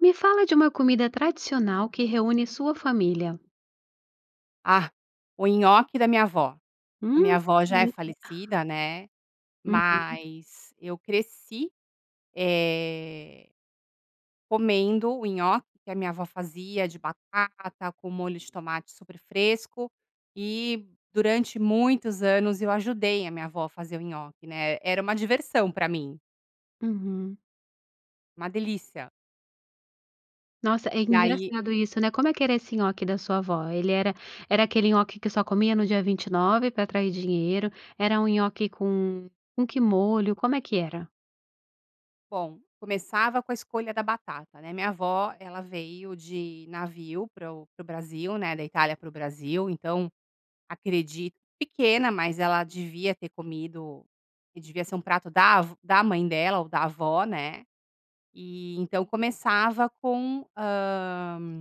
Me fala de uma comida tradicional que reúne sua família. Ah, o nhoque da minha avó. A Hum, minha avó já é delícia. falecida, né, Uhum. mas eu cresci, eh, comendo o nhoque que a minha avó fazia de batata com molho de tomate super fresco. E durante muitos anos eu ajudei a minha avó a fazer o nhoque, né. Era uma diversão pra mim. Uhum. Uma delícia. Nossa, é E aí engraçado isso, né? Como é que era esse nhoque da sua avó? Ele era era aquele nhoque que só comia no dia 29 pra atrair dinheiro? Era um nhoque com com que molho? Como é que era? Bom, começava com a escolha da batata, né? Minha avó, ela veio de navio para o para o Brasil, né, da Itália para o Brasil, então acredito pequena, mas ela devia ter comido e devia ser um prato da v da mãe dela ou da avó, né? E então começava com, hã,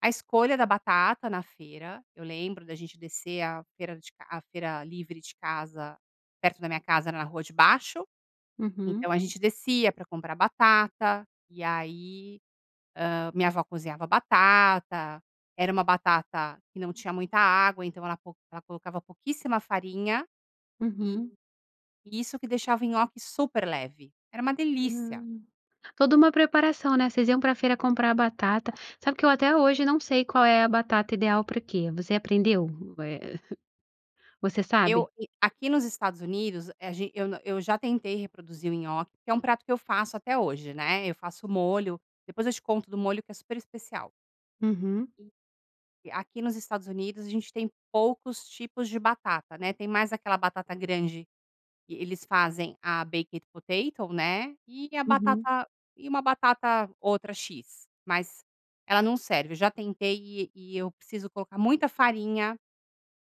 a escolha da batata na feira. Eu lembro da gente descer a feira de ca a feira livre de casa, perto da minha casa, na rua de baixo. Uhum. Então a gente descia pra comprar batata, e aí, hã, minha avó cozinhava batata. Era uma batata que não tinha muita água, então ela co ela colocava pouquíssima farinha. E Uhum. e isso que deixava o nhoque super leve, era uma delícia. Hum. Toda uma preparação, né? Vocês iam pra feira comprar batata. Sabe que eu até hoje não sei qual é a batata ideal pra que. Você aprendeu? U eh, você sabe? Eu e aqui nos Estados Unidos, a g eu na eu já tentei reproduzir o nhoque, que é um prato que eu faço até hoje, né? Eu faço o molho, depois eu te conto do molho que é super especial. Uhum. E aqui nos Estados Unidos a gente tem poucos tipos de batata, né, tem mais aquela batata grande que eles fazem a baked potato, né, e a Uhum. batata e uma batata, outra x, mas ela não serve. Eu já tentei e e e eu preciso colocar muita farinha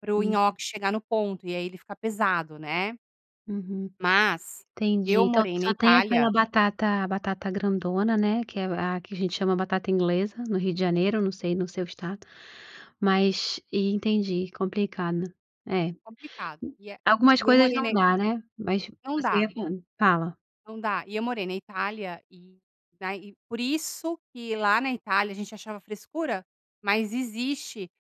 para o Uhum. nhoque chegar no ponto, e aí ele fica pesado, né? Uhum. Mas, Entendi. eu Então morei na só tem aquela Itália batata, batata grandona, né, que é a que a gente chama batata inglesa, no Rio de Janeiro, não sei no seu estado. Mas, entendi, complicado. É. Complicado e a Algumas e eu coisas morei não na dá, né? Mas Não você dá. ia falar fala. Não dá. E eu morei na Itália e daí por isso que lá na Itália, a gente achava frescura, mas existe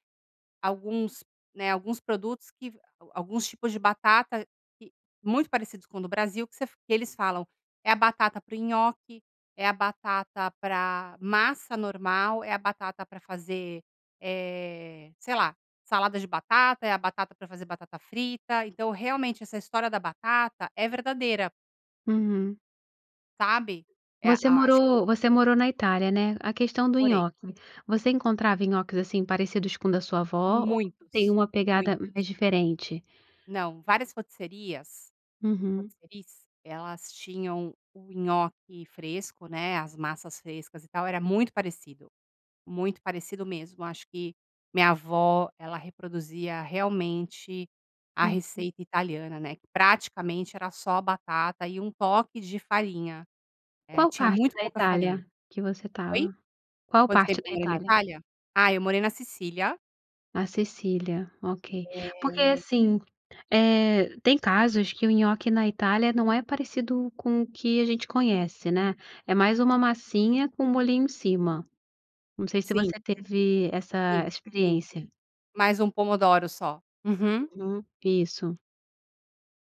alguns, né, alguns produtos que alguns tipos de batata que muito parecidos com o do Brasil, que f que eles falam: "É a batata para o nhoque, é a batata pra massa normal, é a batata pra fazer, eh, sei lá, salada de batata, é a batata pra fazer batata frita." Então realmente essa história da batata é verdadeira. Uhum. Sabe? É Você a acho que morou você morou na Itália, né? A questão do Morei. nhoque, você encontrava nhoques assim parecidos com o da sua avó, ou tem Muitos, uma muitos. pegada mais diferente? Não, várias rotisserias Uhum. rôtisseries elas tinham o nhoque fresco, né. As massas frescas e tal. Era muito parecido, muito parecido mesmo. Acho que minha avó, ela reproduzia realmente a Uhum. receita italiana, né. Que praticamente era só batata e um toque de farinha. Eh, Qual tinha parte muito da pouca farinha. Itália que você Oi? estava? Qual Quanto tempo parte da eu morei na Itália? Itália? Ah, eu morei na Sicília A Sicília, ok. Porque Eh. assim, eh, tem casos que o nhoque na Itália não é parecido com o que a gente conhece, né. É mais uma massinha com molhinho em cima. Não sei se Sim. você teve Sim, essa sim. experiência. Mas um pomodoro só. Uhum. Uhum, isso.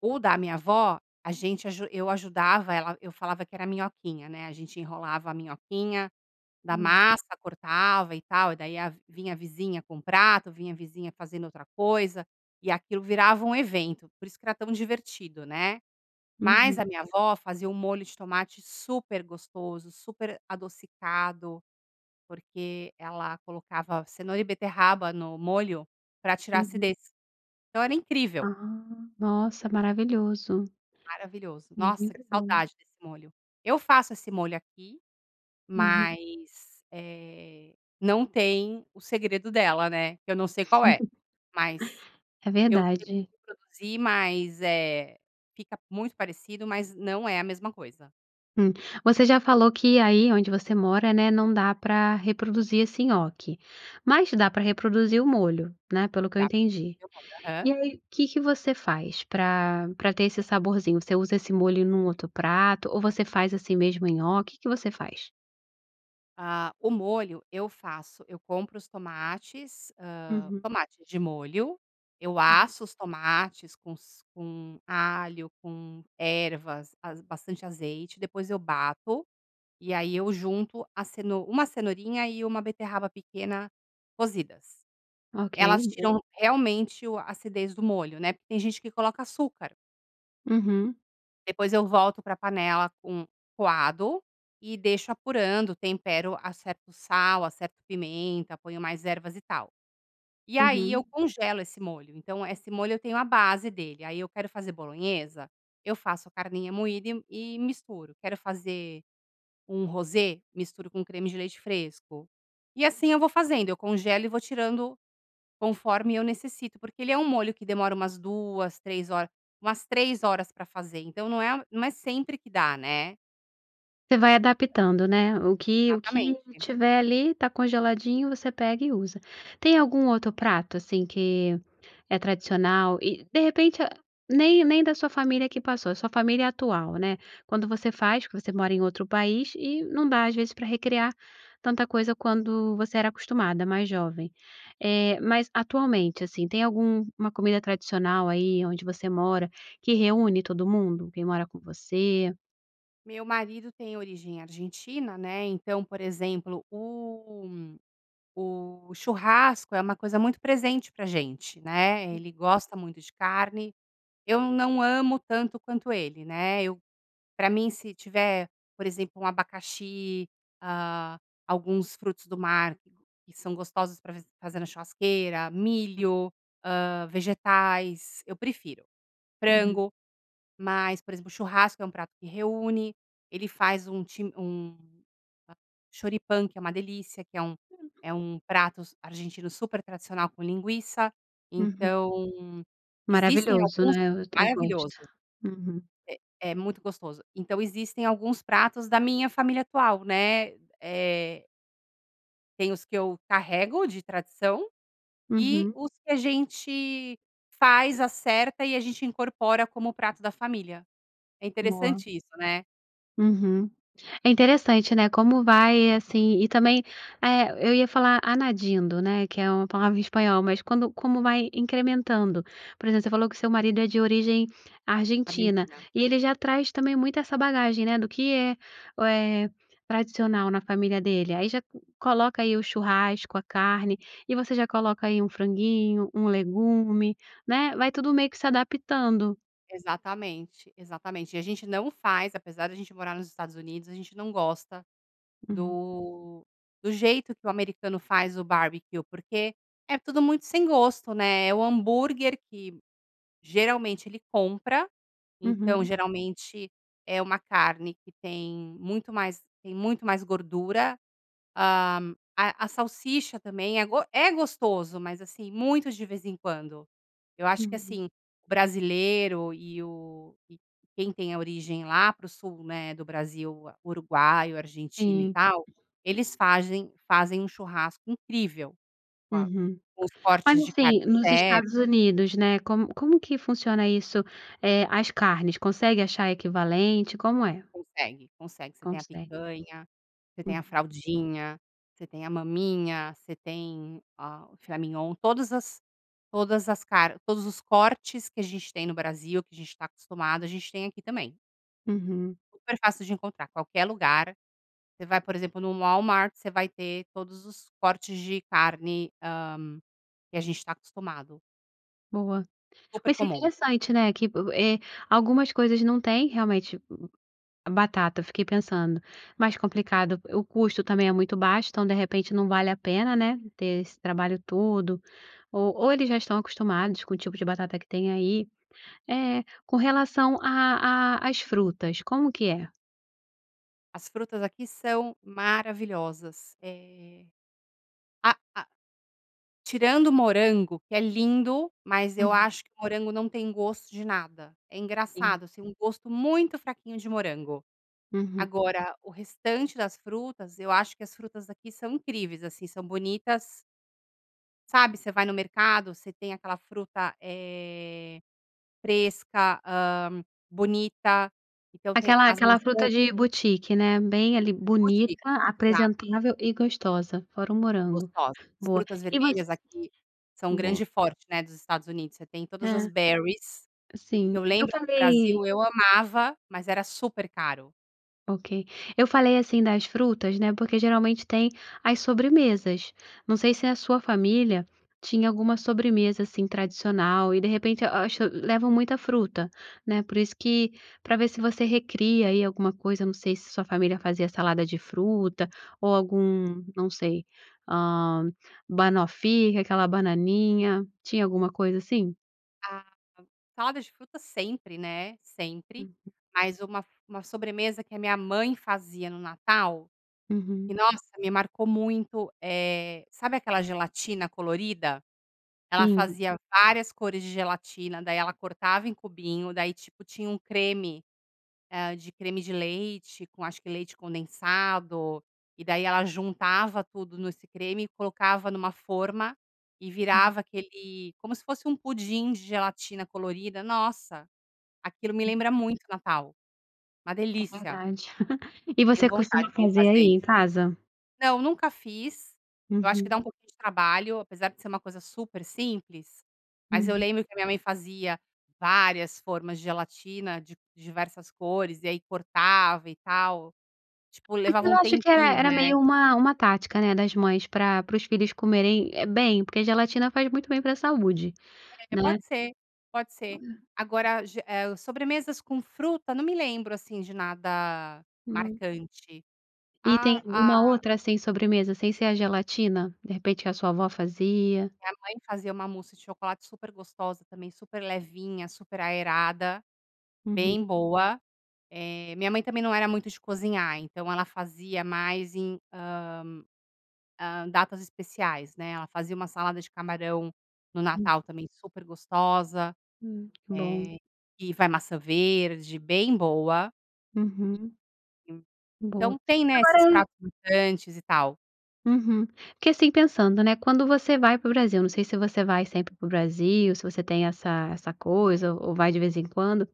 O da minha avó, a gente aju eu ajudava ela, eu falava que era minhoquinha, né. A gente enrolava a minhoquinha da Hum. massa, cortava e tal. E daí a vinha a vizinha com o prato, vinha a vizinha fazendo outra coisa e aquilo virava um evento. Por isso que era tão divertido, né. Mas Uhum. a minha a avó fazia um molho de tomate super gostoso, super adocicado, porque ela colocava cenoura e beterraba no molho para tirar Uhum. acidez. Então era incrível. Ah, nossa, maravilhoso. Maravilhoso. Hum, Nossa, que muito bom. saudade desse molho. Eu faço esse molho aqui Uhum. mas, eh, não tem o segredo dela, né. Que eu não sei qual é, mas É eu tento verdade. reproduzir, mas, eh, fica muito parecido, mas não é a mesma coisa. Hum. Você já falou que aí onde você mora, né, não dá pra reproduzir esse nhoque. Mas dá pra reproduzir o molho, né. Pelo que eu Dá entendi. [unintelligible] o molho, aham. E aí, que que você faz pra pra ter esse saborzinho? Você usa esse molho num outro prato, ou você faz assim mesmo nhoque? O que que você faz? Ah, o molho eu faço. Eu compro os tomates, hã, Uhum. tomate de molho. Eu aço os tomates com s com alho, com ervas, az bastante azeite. Depois eu bato, e aí eu junto a ceno 1 cenourinha e 1 beterraba pequena cozidas. Ok, Elas boa. tiram, realmente, o a acidez do molho, né? Porque tem gente que coloca açúcar. Uhum. Depois eu volto para panela com coado e deixo apurando, tempero, acerto o sal, acerto pimenta, ponho mais ervas e tal. E aí, Uhum. eu congelo esse molho. Então, esse molho, eu tenho a base dele. Aí eu quero fazer bolonhesa, eu faço a carninha moída e m e misturo. Quero fazer um rosé, misturo com creme de leite fresco, e assim eu vou fazendo. Eu congelo e vou tirando conforme eu necessito. Porque ele é um molho que demora umas 2, 3 horas, umas 3 horas para fazer. Então não é não é sempre que dá, né? Você vai adaptando, né? O que o que Exatamente. tiver ali tá congeladinho, você pega e usa. Tem algum outro prato assim que é tradicional e, de repente, nem nem da sua família que passou, a sua família atual, né? Quando você faz, que você mora em outro país, e não dá às vezes pra recriar tanta coisa quando você era acostumada, mais jovem. Eh, mas atualmente, assim, tem alguma comida tradicional aí onde você mora que reúne todo mundo? Quem mora com você? Meu marido tem origem argentina, né? Então, por exemplo, o o churrasco é uma coisa muito presente pra gente, né? Ele gosta muito de carne, eu não amo tanto quanto ele, né? Eu pra mim, se tiver, por exemplo, um abacaxi, ah, alguns frutos do mar que são gostosos para f fazer na churrasqueira, milho, ah, vegetais, eu prefiro. Uhum. Frango. Mas, por exemplo, o churrasco é um prato que reúne. Ele faz um chi um, a choripan, que é uma delícia, que é um [unintelligible] é um pratos argentino super tradicional com linguiça. Uhum. Então existem Maravilhoso, alguns né? Eu t eu gosto. maravilhoso. Uhum. É é muito gostoso. Então existem alguns pratos da minha família atual, né? Eh Tem os que eu carrego de tradição e Uhum. os que a gente faz, acerta e a gente incorpora como o prato da família. É Boa. interessante isso, né? Uhum. É interessante, né? Como vai assim e também eh, eu ia falar añadiendo, né, que é uma palavra em espanhol, mas quando como vai incrementando. Por exemplo, você falou que seu marido é de origem argentina. Argentina. E ele já traz também muito essa bagagem, né, do que é, eh, tradicional na família dele. Aí já coloca aí o churrasco, a carne, e você já coloca aí um franguinho, um legume, né. Vai tudo meio que se adaptando. Exatamente, exatamente. E a gente não faz, apesar da gente morar nos Estados Unidos, a gente não gosta Uhum. do do jeito que o americano faz o barbecue, porque é tudo muito sem gosto, né. É o hambúrguer que, geralmente, ele compra. Então Uhum. geralmente é uma carne que tem muito mais tem muito mais gordura. Hã, a a salsicha também é go é gostoso. Mas assim, muito de vez em quando. Eu acho que Uhum. assim, brasileiro e o quem tem a origem lá pro sul, né, do Brasil, uruguaio, argentino e Sim. tal. Eles fazem fazem um churrasco incrível com a Uhum. com os Mas, cortes de carne assim, nos Estados certo. Unidos, né, como como que funciona isso? Eh, as carnes, consegue achar equivalente? Como é? Consegue, consegue. Você tem a Consegue. picanha, você tem a Uhum. fraldinha, você tem a maminha, você tem, ah, o filé mignon. Todas as todas as car todos os cortes que a gente tem no Brasil, que a gente tá acostumado, a gente tem aqui também. Uhum. Super fácil de encontrar. Qualquer lugar, você vai, por exemplo, no Walmart, você vai ter todos os cortes de carne, hã, que a gente tá acostumado. Boa. Super Mas é comum. interessante, né, que, eh, algumas coisas não têm, realmente a batata, eu fiquei pensando. Mais complicado, o custo também é muito baixo, então de repente não vale a pena, né. Ter esse trabalho todo. Ou ou eles já tão acostumados com o tipo de batata que tem aí. Eh, com relação à à às frutas, como que é? As frutas aqui são maravilhosas. Eh, a a Tirando o morango, que é lindo, mas eu Uhum. acho que o morango não tem gosto de nada. É Sim. engraçado, assim, gosto muito fraquinho de morango. Uhum. Agora o restante das frutas, eu acho que as frutas aqui são incríveis, assim, são bonitas sabe, você vai no mercado você tem aquela fruta, eh, fresca. Hã, bonita. Então tem Aquela as aquela maçã fruta de boutique, né. Bem ali, Boutique. bonita, Exato. apresentável e gostosa. Fora o morango Gostosas. As boa. frutas E você vermelhas aqui são o Boa. grande forte, né, dos Estados Unidos. Você tem todas as É. berries. Sim. Eu Eu lembro que no falei Brasil eu amava, mas era super caro. Ok. Eu falei, assim, das frutas, né, porque geralmente tem as sobremesas. Não sei se a sua família tinha alguma sobremesa, assim, tradicional. E, de repente, eu acho, leva muita fruta, né. Por isso que pra ver se você recria aí alguma coisa, não sei, se sua família fazia salada de fruta, ou algum, não sei, hã, banoffee, que é aquela bananinha. Tinha alguma coisa assim? Ah, salada de frutas sempre, né? Sempre. Uhum. Mas uma f uma sobremesa que a minha mãe fazia no Natal, e Uhum. nossa, me marcou muito, eh, sabe aquela gelatina colorida? Ela Sim. fazia várias cores de gelatina, daí ela cortava em cubinho, daí, tipo, tinha um creme, ah, de creme de leite com, acho que, leite condensado. E daí, ela juntava tudo nesse creme, colocava numa forma e Hum. virava aquele como se fosse um pudim de gelatina colorida. Nossa! Aquilo me Aham. lembra muito o Natal. Uma É delícia! verdade. E Deu você vontade costuma de me fazer fazer aí, isso em aqui. casa? Não, nunca fiz. Eu acho que dá um Uhum. pouco de trabalho. Apesar de ser uma coisa super simples, mas eu Uhum. lembro que a minha mãe fazia várias formas de gelatina de diversas cores e aí cortava e tal. Tipo, levava um Aquela, acho que e tempinho, era né? meio uma uma tática, né? Das mães para para os filhos comerem, eh, bem. Porque a gelatina faz muito bem para saúde, É, né? pode ser, pode ser. Agora, g eh o, sobremesas com fruta, não me lembro, assim, de nada Não. marcante. E tem Ah, alguma a outra, assim, sobremesa, sem ser a gelatina? De repente que a sua avó fazia? Minha mãe fazia uma mousse de chocolate super gostosa, também super levinha, super aerada, Uhum. bem boa. Eh, minha mãe também não era muito de cozinhar, então ela fazia mais em, hã, hã, datas especiais, né? Ela fazia uma salada de camarão no Hum. Natal também, super gostosa. Hum. Bom. Eh, e vai maçã verde, bem boa. Uhum. Boa. Então, tem, né, esses Agora pratos grandes e tal. Uhum. Porque, assim, pensando, né, quando você vai para o Brasil, não sei se você vai sempre para o Brasil, se você tem essa essa coisa ou vai de vez em quando,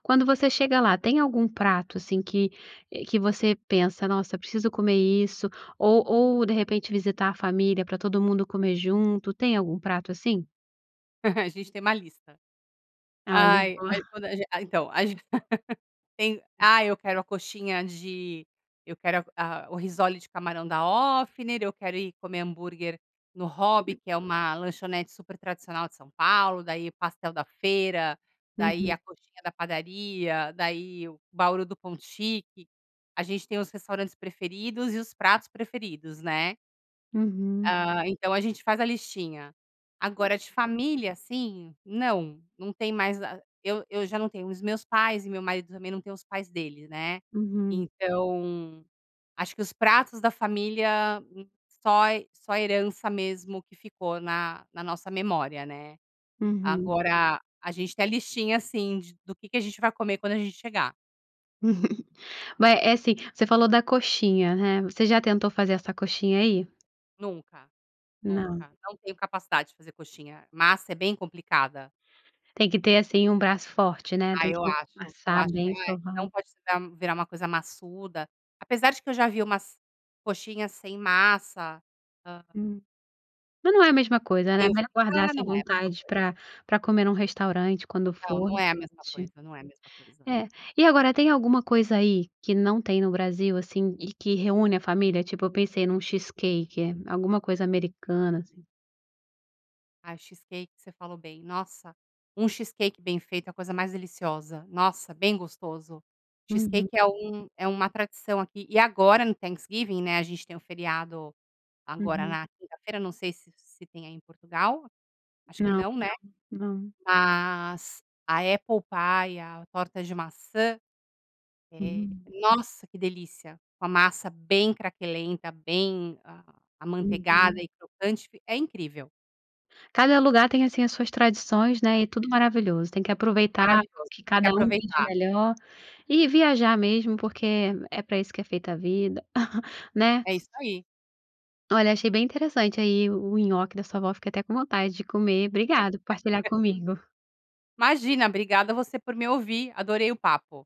quando você chega lá, tem algum prato, assim, que que você pensa: "Nossa, eu preciso comer isso." Ou ou, de repente, visitar a família pra todo mundo comer junto. Tem algum prato assim? A gente tem uma lista. Olha, Ai boa. ai quando a g a então tem, ah, eu quero a coxinha de eu quero a o risole de camarão da Ofner, eu quero ir comer hambúrguer no Hobby, que é uma lanchonete super tradicional de São Paulo. Daí o pastel da feira, daí Uhum. a coxinha da padaria, daí o bauru do Ponto Chic. A gente tem os restaurantes preferidos e os pratos preferidos, né. Uhum. Ah, então a gente faz a listinha. Agora, de família, assim, não. Não tem mais a eu eu já não tenho os meus pais e meu marido também não tem os pais deles, né. Uhum. Então acho que os pratos da família só só herança mesmo, que ficou na na nossa memória, né. Uhum. Agora a gente tem a listinha sim de do que que a gente vai comer quando a gente chegar. Uhum. Mas é assim, você falou da coxinha, né? Você já tentou fazer essa coxinha aí? Nunca. Não. Nunca. Não tenho capacidade de fazer coxinha. Massa é bem complicada. Tem que ter assim, um braço forte, né. Ah Tem que eu acho. Eu amassar acho que bem, não é. sovar. Não pode virar virar uma coisa massuda. Apesar de que, eu já vi umas coxinhas sem massa. Hã. Hum. Mas não é a mesma coisa, né. Meio Melhor guardar ah, não essas é a mesma vontades coisa. pra pra comer num restaurante quando Não, for. não é a mesma [unintelligible] coisa. Não é a mesma coisa. É. E agora, tem alguma coisa aí que não tem no Brasil, assim, e que reúne a família? Tipo, eu pensei num cheesecake. Alguma coisa americana, assim? Ah, cheesecake você falou bem. Nossa, um cheesecake bem feito é a coisa mais deliciosa. Nossa, bem gostoso. Uhum. Cheesecake é um é uma tradição aqui. E agora no Thanksgiving, né, a gente tem o feriado agora, Uhum. na quinta-feira, não sei se se tem aí em Portugal. Acho que Não, não, aqui né. não. Não. Mas a apple pie, a torta de maçã, eh, Hum. nossa que delícia. Com a massa bem craquelenta, bem amanteigada Uhum. e crocante. Fi é incrível. Cada lugar tem assim, as suas tradições, né, e é tudo maravilhoso. Tem que aproveitar Maravilhoso. que Tem que cada um vive aproveitar. melhor, e viajar mesmo porque é pra isso que é feita a vida, né? É isso aí. Olha achei bem interessante aí o nhoque da sua avó. Fiquei até com vontade de comer. Obrigado, por partilhar comigo. Imagina. Obrigada você, por me ouvir. Adorei o papo.